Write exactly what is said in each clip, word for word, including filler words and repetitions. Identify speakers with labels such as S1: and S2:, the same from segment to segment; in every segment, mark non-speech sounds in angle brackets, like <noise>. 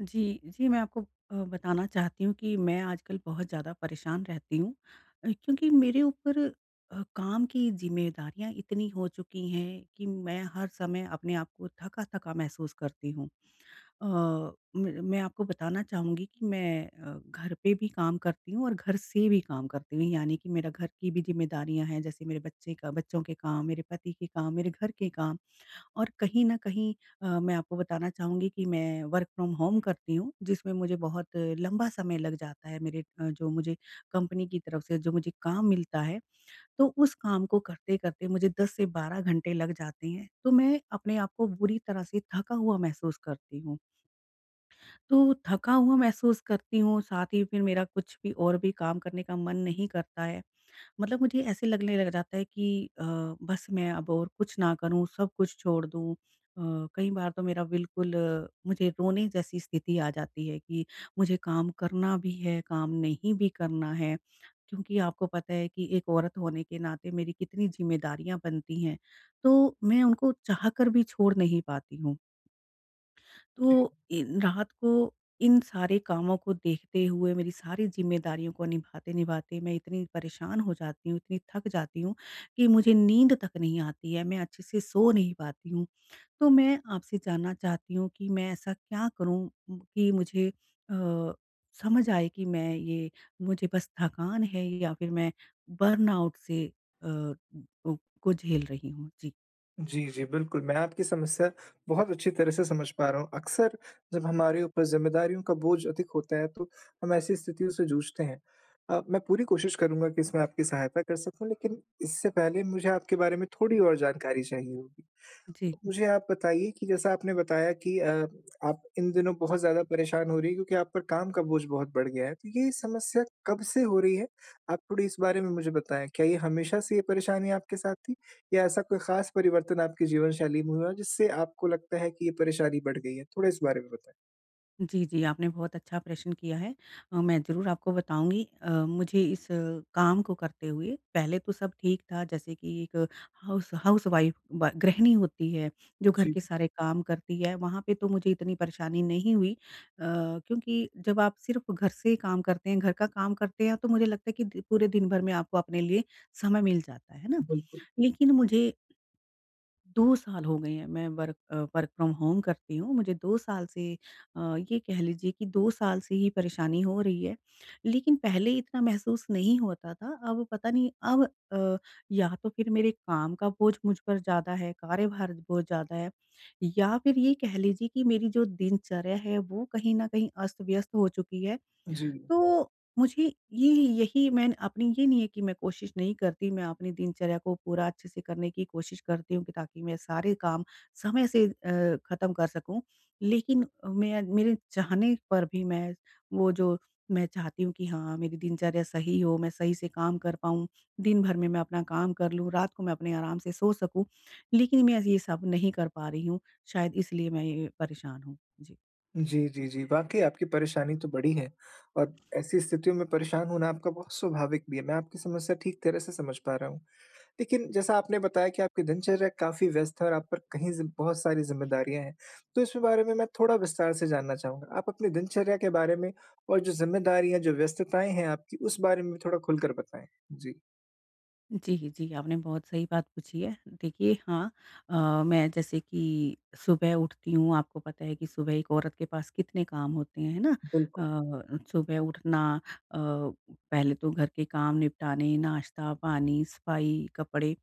S1: जी, जी। मैं आपको अ, बताना चाहती हूँ कि मैं आजकल बहुत ज़्यादा परेशान रहती हूँ अ, क्योंकि मेरे ऊपर अ, काम की ज़िम्मेदारियाँ इतनी हो चुकी हैं कि मैं हर समय अपने आप को थका-थका महसूस करती हूँ। अ, म मैं आपको बताना चाहूँगी कि मैं अ, घर पे भी काम करती हूँ, और घर से भी काम करती हूँ यानी कि मेरा घर की भी ज़िम्मेदारियाँ हैं जैसे मेरे बच्चे का बच्चों के काम, मेरे पति के काम, मेरे घर के काम। और कहीं न कहीं अ, मैं आपको बताना चाहूँगी कि मैं वर्क फ्रॉम होम करती हूँ जिसमें मुझे बहुत लंबा समय लग जाता है मेरे अ, जो मुझे कंपनी की तरफ से जो मुझे काम मिलता है। तो उस काम को करते-करते मुझे दस से बारह घंटे लग जाते हैं। तो मैं अपने आप को बुरी तरह से थका हुआ महसूस करती हूँ। तो थका हुआ महसूस करती हूँ साथ ही फ़िर मेरा कुछ भी और भी काम करने का मन नहीं करता है। मतलब मुझे ऐसे लगने लग जाता है कि अ, बस मैं अब और कुछ ना करूँ सब कुछ छोड़ दूँ। अ, कई बार तो मेरा बिल्कुल मुझे रोने जैसी स्थिति आ जाती है कि मुझे काम करना भी है, काम नहीं भी करना है क्योंकि आपको पता है कि एक औरत होने के नाते मेरी कितनी ज़िम्मेदारियाँ बनती हैं। तो मैं उनको चाहकर भी छोड़ नहीं पाती हूँ।
S2: जी।
S1: तो इन रात को इन सारे कामों को देखते हुए मेरी सारी ज़िम्मेदारियों को निभाते-निभाते मैं इतनी परेशान हो जाती हूँ, इतनी थक जाती हूँ कि मुझे नींद तक नहीं आती है, मैं अच्छे से सो नहीं पाती हूँ। तो मैं आपसे जानना चाहती हूँ कि मैं ऐसा क्या करूँ कि मुझे अ, समझ आए कि मैं ये मुझे बस थकान है या फ़िर मैं बर्नआउट से अ ओ, को झेल रही हूँ। जी।
S2: जी, जी। बिल्कुल मैं आपकी समस्या बहुत अच्छी तरह से समझ पा रहा हूँ। अक्सर, जब हमारे ऊपर ज़िम्मेदारियों का बोझ अधिक होता है, तो हम ऐसी स्थितियों से जूझते हैं। अ, मैं पूरी कोशिश करूँगा कि इसमें आपकी सहायता कर सकूँ, लेकिन इससे पहले मुझे आपके बारे में थोड़ी और जानकारी चाहिए होगी।
S1: जी।
S2: मुझे आप बताइए कि जैसा आपने बताया कि अ, आप इन दिनों बहुत ज़्यादा परेशान हो रही हैं क्योंकि आप पर काम का बोझ बहुत बढ़ गया है, तो ये समस्या कब से हो रही है? आप थोड़ी इस बारे में मुझे बताएँ। क्या ये हमेशा से ये परेशानी आपके साथ थी? या ऐसा कोई ख़ास परिवर्तन आपकी जीवनशैली में हुआ, जिससे आपको लगता है कि ये परेशानी बढ़ गई है? थोड़ा इस बारे में बताएँ।
S1: जी, जी। आपने बहुत अच्छा प्रश्न किया है। अ, मैं ज़रूर आपको बताऊँगी। अ, मुझे इस काम को करते हुए पहले तो सब ठीक था, जैसे कि एक हाउस हाउस वाइफ़ ब गृहिणी होती है। जो घर
S2: जी।
S1: के सारे काम करती है। वहाँ पे तो मुझे इतनी परेशानी नहीं हुई। अ, क्योंकि जब आप सिर्फ़ घर से काम करते हैं, घर का काम करते हैं, तो मुझे लगता है कि पूरे दिन भर में आपको अपने लिए समय मिल जाता है। है ना?
S2: बिल्कुल।
S1: लेकिन मुझे दो साल हो गए हैं, मैं वर्क वर्क फ़्रॉम होम करती हूँ। मुझे दो साल से अ, ये कह लीजिए कि दो साल से ही परेशानी हो रही है। लेकिन पहले इतना महसूस नहीं होता था। अब पता नहीं अब अ, या तो फिर मेरे काम का बोझ मुझ पर ज़्यादा है, कार्यभार बहुत ज़्यादा है या फिर ये कह लीजिए कि, मेरी जो दिनचर्या है वो कहीं न कहीं अस्त-व्यस्त हो चुकी है।
S2: जी।
S1: तो, मुझे ये यही मैं अपनी ये नहीं है कि मैं कोशिश नहीं करती। मैं अपनी दिनचर्या को पूरा अच्छे से करने की कोशिश करती हूँ कि, ताकि मैं सारे काम समय से अ, ख़त्म कर सकूँ। लेकिन अ, मैं मेरे चाहने पर भी मैं, वो जो, मैं चाहती हूँ कि हाँ मेरी दिनचर्या सही हो, मैं सही से काम कर पाऊँ, दिन-भर में मैं अपना काम कर लूँ, रात को मैं अपने आराम से सो सकूँ। लेकिन मैं ये सब नहीं कर पा रही हूँ। शायद इसलिए मैं ये ये परेशान हूँ। जी।
S2: जी, जी, जी वाक़ई आपकी परेशानी तो बड़ी है और ऐसी स्थितियों में परेशान होना आपका बहुत स्वाभाविक भी है मैं आपकी समस्या ठीक तरह से समझ पा रहा हूँ। लेकिन जैसा आपने बताया कि आपकी दिनचर्या काफ़ी व्यस्त है और आप पर कहीं ज़ि बहुत सारी ज़िम्मेदारियाँ हैं। तो इस बारे में मैं थोड़ा विस्तार से जानना चाहूँगा। आप अपनी दिनचर्या के बारे में और जो ज़िम्मेदारियाँ, जो व्यस्तताएँ हैं आपकी उस बारे में भी थोड़ा खुलकर बताएँ? जी।
S1: जी, जी आपने बहुत सही बात पूछी है। देखिए हाँ, अ, मैं जैसे कि सुबह उठती हूँ आपको पता है कि सुबह एक औरत के पास कितने काम होते हैं। है ना?
S2: बिल्कुल।
S1: अ, सुबह उठना अ, पहले तो घर के काम निपटाने, नाश्ता-पानी, सफाई, कपड़े।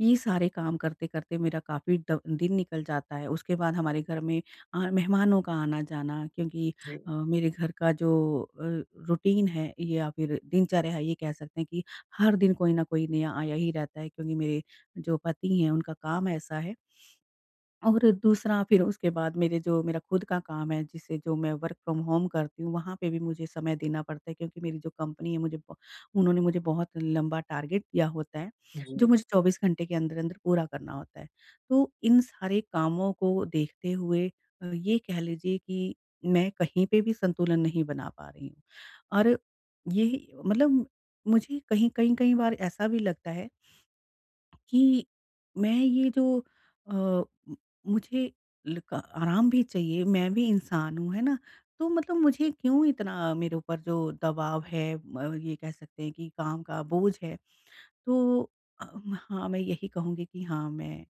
S1: ये सारे काम करते-करते मेरा काफ़ी ड दिन निकल जाता है। उसके बाद हमारे घर में आ मेहमानों का आना-जाना क्योंकि अ,
S2: जी।
S1: मेरे घर का जो अ, रूटीन है या फ़िर दिनचर्या है ये कह सकते हैं कि हर दिन कोई न कोई नया आया ही रहता है क्योंकि मेरे जो पति हैं उनका काम ऐसा है। <sniffs> और दूसरा फ़िर उसके बाद मेरे जो मेरा खुद का काम है जिसे जो मैं वर्क फ्रॉम होम करती हूँ वहाँ पे भी मुझे समय देना पड़ता है क्योंकि मेरी जो कंपनी है मुझे बो उन्होंने मुझे बहुत लंबा टारगेट दिया होता है जो
S2: जी।
S1: मुझे चौबीस घंटे के अंदर-अंदर पूरा करना होता है। तो इन सारे कामों को देखते हुए अ, ये कह लीजिए कि मैं कहीं पे भी संतुलन नहीं बना पा रही हूँ और ये मतलब मुझे कहीं कई-कई बार ऐसा भी लगता है <sniffs> कि मैं ये जो अ, म मुझे लक आराम भी चाहिए मैं भी इंसान हूँ है ना? तो मतलब मुझे क्यों इतना मेरे ऊपर जो दबाव है म ये कह सकते हैं कि काम का बोझ है। तो अ, हाँ मैं यही कहूँगी कि हाँ मैं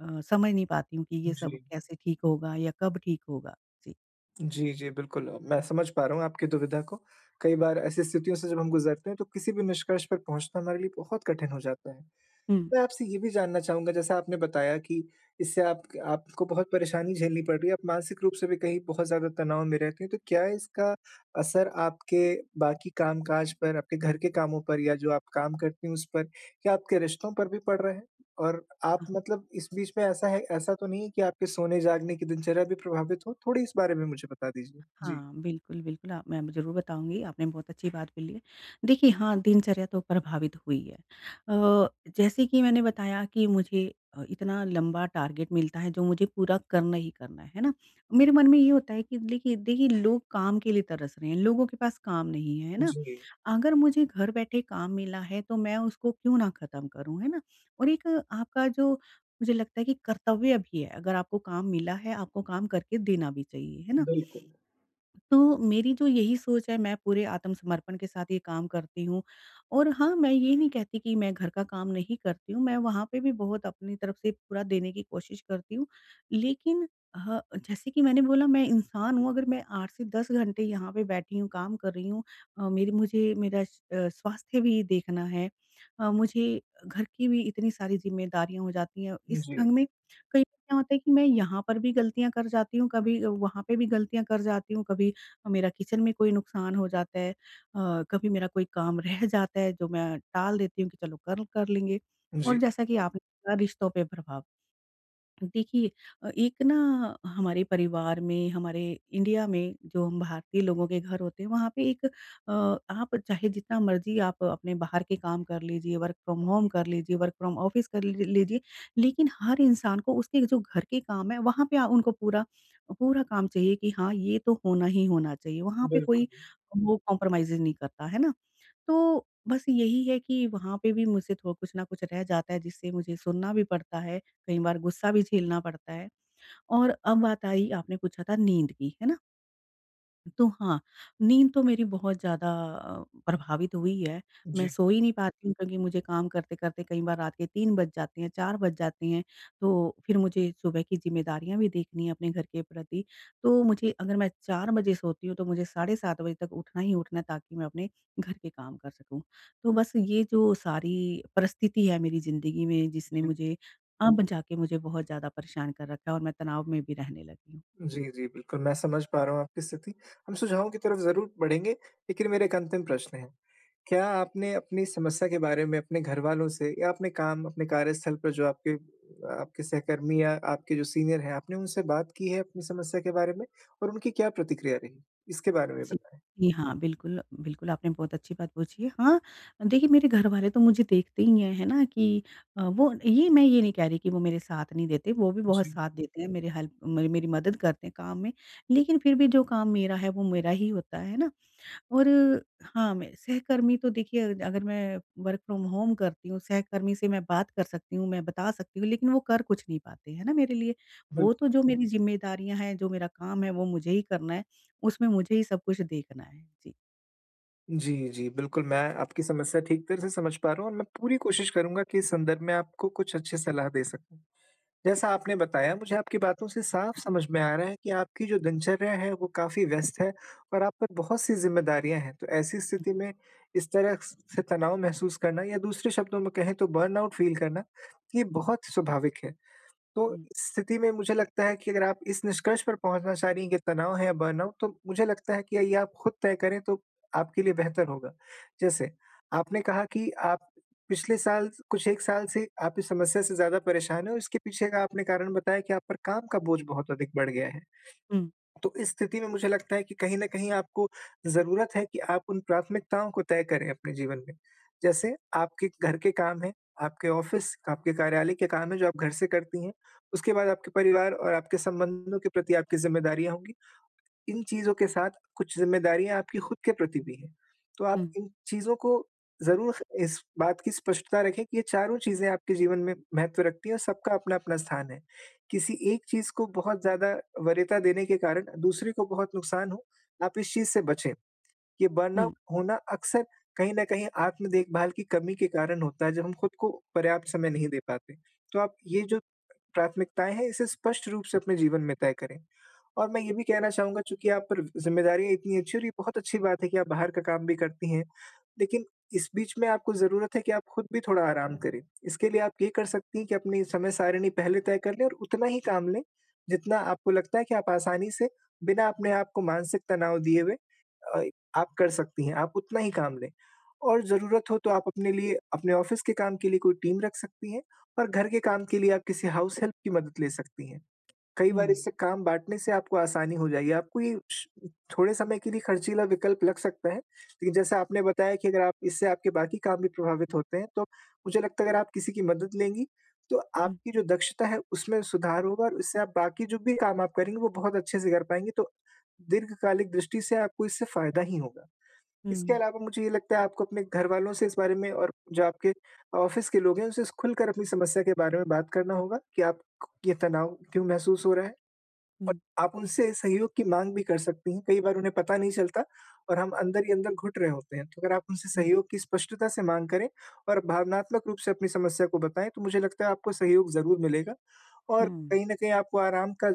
S1: अ, समझ नहीं पाती हूँ कि ये सब
S2: जी।
S1: कैसे ठीक होगा या कब ठीक होगा? जी।
S2: जी, जी, बिल्कुल, मैं समझ पा रहा हूँ आपकी दुविधा को। कई बार ऐसी स्थितियों से जब हम गुजरते हैं, तो किसी भी निष्कर्ष पर पहुँचना हमारे लिए बहुत कठिन हो जाता है।
S1: हुँ।
S2: मैं आपसे ये भी जानना चाहूँगा, जैसा आपने बताया कि इससे आपक आपको बहुत परेशानी झेलनी पड़ रही है, आप मानसिक रूप से भी कहीं बहुत ज़्यादा तनाव में रहती हैं, तो क्या इसका असर आपके बाकी काम काज पर, आपके घर के कामों पर या जो आप काम करती हैं, उस पर, क्या आपके रिश्तों पर भी पड़ रहे हैं और आप
S1: हाँ।
S2: मतलब इस बीच में ऐसा है ऐसा तो नहीं है कि आपके सोने-जागने की दिनचर्या भी प्रभावित हो? थोड़ी इस बारे में मुझे बता दीजिए। जी।
S1: हाँ, बिल्कुल, बिल्कुल, आप मैं ज़रूर बताऊँगी। आपने बहुत अच्छी बात बोली है। देखिए, हाँ, दिनचर्या तो प्रभावित हुई है। अ, जैसे कि मैंने बताया कि मुझे अ, इतना लंबा टारगेट मिलता है, जो मुझे पूरा करना ही करना है। है ना? मेरे मन में ये होता है कि लेखिए देखिए, लोग काम के लिए तरस रहे हैं। लोगों के पास काम नहीं है, है ना?
S2: जी।
S1: अगर मुझे घर बैठे काम मिला है, तो मैं उसको क्यों ना ख़त्म करूँ, है ना? और एक आपका, जो मुझे लगता है कि कर्तव्य भी है, अगर आपको काम मिला है, आपको काम करके देना भी चाहिए। है ना?
S2: बिल्कुल।
S1: तो मेरी तो यही सोच है, मैं पूरे आत्मसमर्पण के साथ ये काम करती हूँ और हाँ, मैं ये नहीं कहती कि मैं घर का काम नहीं करती हूँ, मैं वहाँ पे भी बहुत अपनी तरफ़ से पूरा देने की कोशिश करती हूँ। लेकिन ह जैसे कि मैंने बोला, मैं इंसान हूँ। अगर मैं आठ से दस घंटे यहाँ पे बैठी हूँ, काम कर रही हूँ अ, मेरी मुझे मेरा अ, स्वास्थ्य भी देखना है। अ, मुझे घर की भी इतनी सारी ज़िम्मेदारियाँ हो जाती हैं, इस
S2: जी।
S1: ढंग में कई बार क्या होता है कि मैं यहाँ पर भी गलतियाँ कर जाती हूँ, कभी वहाँ पे भी गलतियाँ कर जाती हूँ, कभी मेरा किचन में कोई नुकसान हो जाता है अ, कभी मेरा कोई काम रह जाता है, जो मैं टाल देती हूँ कि चलो, कल कर लेंगे और
S2: जी।
S1: जैसा कि आपने कहा, रिश्तों पे प्रभाव। देखिए, एक ना हमारे परिवार में, हमारे इंडिया में जो भारतीय लोगों के घर होते हैं, वहाँ पे एक अ, आप चाहे जितना मर्ज़ी आप अपने बाहर के काम कर लीजिए, वर्क फ्रॉम होम कर लीजिए, वर्क फ्रॉम ऑफ़िस कर लीजिए, लेकिन हर इंसान को उसके जो घर के काम हैं, वहाँ पे आ उनको पूरा पूरा काम चाहिए कि हाँ, ये तो होना ही होना चाहिए। वहाँ पे कोई
S2: बिल्कुल।
S1: वो कॉम्प्रोमाइज़ेज़ नहीं करता। है ना? तो बस यही है कि वहाँ पे भी मुझसे थोड़ा कुछ न कुछ रह जाता है, जिससे मुझे सुनना भी पड़ता है, कई बार गुस्सा भी झेलना पड़ता है और अब बात आई, आपने पूछा था नींद की, है ना? तो हाँ, नींद तो मेरी बहुत ज़्यादा अ, प्रभावित हुई है, मैं
S2: जी।
S1: सो ही नहीं पाती हूँ क्योंकि मुझे काम करते-करते कई बार रात के तीन बज जाते हैं, चार बज जाते हैं। तो फ़िर मुझे सुबह की ज़िम्मेदारियाँ भी देखनी है अपने घर के प्रति। तो मुझे अगर मैं चार बजे सोती हूँ, तो मुझे साढ़े सात बजे तक उठना ही उठना है ताकि मैं अपने घर के काम कर सकूँ। तो बस ये जो सारी परिस्थिति है मेरी ज़िंदगी में जिसने
S2: जी।
S1: मुझे अब जाके मुझे बहुत ज़्यादा परेशान कर रखा है और मैं तनाव में भी रहने लगी हूँ। जी।
S2: जी, जी। बिल्कुल, मैं समझ पा रहा हूँ आपकी स्थिति हम सुझावों की तरफ़ ज़रूर बढ़ेंगे, लेकिन मेरा एक अंतिम प्रश्न है। क्या आपने अपनी समस्या के बारे में अपने घरवालों से या अपने काम, अपने कार्यस्थल पर जो आपके अ आपके सहकर्मी या आपके जो सीनियर हैं। आपने उनसे बात की है अपनी समस्या के बारे में और उनकी क्या प्रतिक्रिया रही? इसके बारे में
S1: जी।
S2: बताएँ।
S1: जी, हाँ। बिल्कुल, बिल्कुल आपने बहुत अच्छी बात पूछी है। हाँ, देखिए मेरे घर वाले तो मुझे देखते ही हैं, है ना? कि अ, वो ये मैं ये नहीं कह रही कि वो मेरे साथ नहीं देते, वो भी बहुत
S2: जी।
S1: साथ देते हैं मेरे हेल्प म मेरी मदद करते हैं काम में। लेकिन फ़िर भी जो काम मेरा है वो मेरा ही होता है। है ना? और हाँ, मैं सहकर्मी तो देखिए अगर मैं वर्क फ़्रॉम-होम करती हूँ, सहकर्मी से मैं बात कर सकती हूँ, मैं बता सकती हूँ लेकिन वो कर कुछ नहीं पाते। है ना? मेरे लिए
S2: बिल्
S1: वो तो जो मेरी ज़िम्मेदारियाँ हैं, जो मेरा काम है वो मुझे ही करना है, उसमें मुझे ही सब कुछ देखना है। जी।
S2: जी, जी बिल्कुल मैं आपकी समस्या ठीक तरह से समझ पा रहा हूँ और मैं पूरी कोशिश करूँगा कि इस संदर्भ में आपको कुछ अच्छी सलाह दे सकूँ। जैसा आपने बताया मुझे आपकी बातों से साफ़ समझ में आ रहा है, कि आपकी जो दिनचर्या है वो काफ़ी व्यस्त है और आप पर बहुत-सी ज़िम्मेदारियाँ हैं, तो ऐसी स्थिति में इस तरह से तनाव महसूस करना या दूसरे शब्दों में कहें तो बर्नआउट फ़ील करना ये बहुत स्वाभाविक है। तो,
S1: हुँ।
S2: इस स्थिति में मुझे लगता है कि अगर आप इस निष्कर्ष पर पहुँचना चाह रही हैं कि, तनाव है या बर्नआउट तो मुझे लगता है कि ये आप ख़ुद तय करें, तो आपके लिए बेहतर होगा। जैसे आपने कहा कि आप पिछले साल कुछ एक साल से आप इस समस्या से ज़्यादा परेशान हो, इसके पीछे का आपने कारण बताया कि आप पर काम का बोझ बहुत अधिक बढ़ गया है।
S1: हुँ।
S2: तो इस स्थिति में मुझे लगता है कि कहीं न कहीं आपको ज़रूरत है, कि आप उन प्राथमिकताओं को तय करें अपने जीवन में। जैसे आपके घर के काम हैं, आपके ऑफ़िस, आपके कार्यालय के काम हैं जो आप घर से करती हैं। उसके बाद आपके परिवार और आपके संबंधों के प्रति आपकी ज़िम्मेदारियाँ होंगी। इन चीज़ों के साथ, कुछ ज़िम्मेदारियाँ आपकी ख़ुद के प्रति भी हैं, तो आप
S1: हुँ।
S2: इन चीज़ों को ज़रूर इस बात की स्पष्टता रखें कि, ये चारों चीज़ें आपके जीवन में महत्व रखती हैं और सबका अपना-अपना स्थान है। किसी एक चीज़ को बहुत ज़्यादा वरीयता देने के कारण, दूसरी को बहुत नुकसान हो आप इस चीज़ से बचें। ये बर्नआउट
S1: हुँ।
S2: होना अक्सर कहीं न कहीं, आत्म-देखभाल की कमी के कारण होता है, जब हम ख़ुद को पर्याप्त समय नहीं दे पाते। तो आप ये जो प्राथमिकताएँ हैं इसे स्पष्ट रूप से अपने जीवन में तय करें और मैं ये भी कहना चाहूँगा, चूँकि आप पर व ज़िम्मेदारियाँ इतनी अच्छी हैं और ये बहुत अच्छी बात है कि आप बाहर का काम भी करती हैं, लेकिन इस बीच में आपको ज़रूरत है कि आप ख़ुद भी थोड़ा आराम करें। इसके लिए आप ये कर सकती हैं, कि अपनी समय सारिणी पहले तय कर लें और उतना ही काम लें जितना आपको लगता है कि आप आसानी से बिना अपने आप को मानसिक तनाव दिए हुए अ आप कर सकती हैं, आप उतना ही काम लें। और ज़रूरत हो तो आप अपने लिए अपने ऑफ़िस के काम के लिए कोई टीम रख सकती हैं और घर के काम के लिए आप किसी हाउस हेल्प की मदद ले सकती हैं। कई बार
S1: हुँ।
S2: काम बाँटने से आपको आसानी हो जाएगी, आपको ये श थोड़े समय के लिए ख़र्चीला विकल्प लग सकता है, लेकिन जैसे आपने बताया कि अगर आप इससे आपके बाकी काम भी प्रभावित होते हैं तो, मुझे लगता है अगर आप किसी की मदद लेंगी तो
S1: हुँ।
S2: आपकी जो दक्षता है उसमें सुधार होगा और इससे आप बाकी जो भी काम आप करेंगी, वो बहुत अच्छे से कर पाएँगी तो दीर्घकालिक दृष्टि से आपको इससे फ़ायदा ही होगा। इसके
S1: हुँ।
S2: अलावा मुझे ये लगता है आपको अपने घरवालों से इस बारे में और जो आपके ऑफ़िस के लोग हैं उनसे ख़ुलकर अपनी समस्या के बारे में बात करना होगा कि आप क ये तनाव क्यों महसूस हो रहा है और
S1: हुँ।
S2: आप उनसे सहयोग की माँग भी कर सकती हैं। कई बार उन्हें पता नहीं चलता और हम अंदर ही अंदर घुट रहे होते हैं। तो अगर आप उनसे
S1: हुँ।
S2: सहयोग की स्पष्टता से माँग करें और भावनात्मक रूप से अपनी समस्या को बताएँ, तो मुझे लगता है आपको सहयोग ज़रूर मिलेगा और
S1: हुँ।
S2: कहीं न कहीं आपको आराम का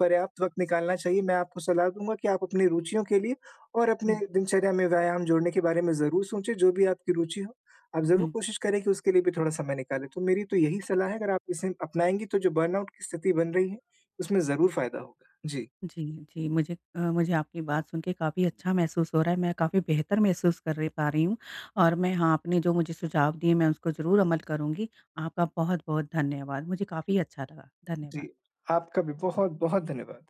S2: पर्याप्त वक़्त निकालना चाहिए। मैं, आपको सलाह दूँगा कि आप अपनी रुचियों के लिए और अपने
S1: हुँ।
S2: दिनचर्या में व्यायाम जोड़ने के बारे में ज़रूर सोचें, जो भी आपकी रुचि हो आप ज़रूर
S1: हुँ।
S2: कोशिश करें कि उसके लिए भी थोड़ा समय निकालें, तो मेरी तो यही सलाह है अगर आप इसे अपनाएँगी, तो जो बर्नआउट की स्थिति बन रही है उसमें ज़रूर फ़ायदा होगा। जी।
S1: जी, जी मुझे अ, मुझे आपकी बात सुन के काफ़ी अच्छा महसूस हो रहा है। मैं काफ़ी बेहतर महसूस कर रही, पा रही हूँ और मैं हाँ आपने जो मुझे सुझाव दिए मैं उसको ज़रूर अमल करूँगी। आपका बहुत-बहुत धन्यवाद। मुझे काफ़ी अच्छा लगा।
S2: जी,
S1: धन्यवाद।
S2: आपका भी बहुत-बहुत धन्यवाद।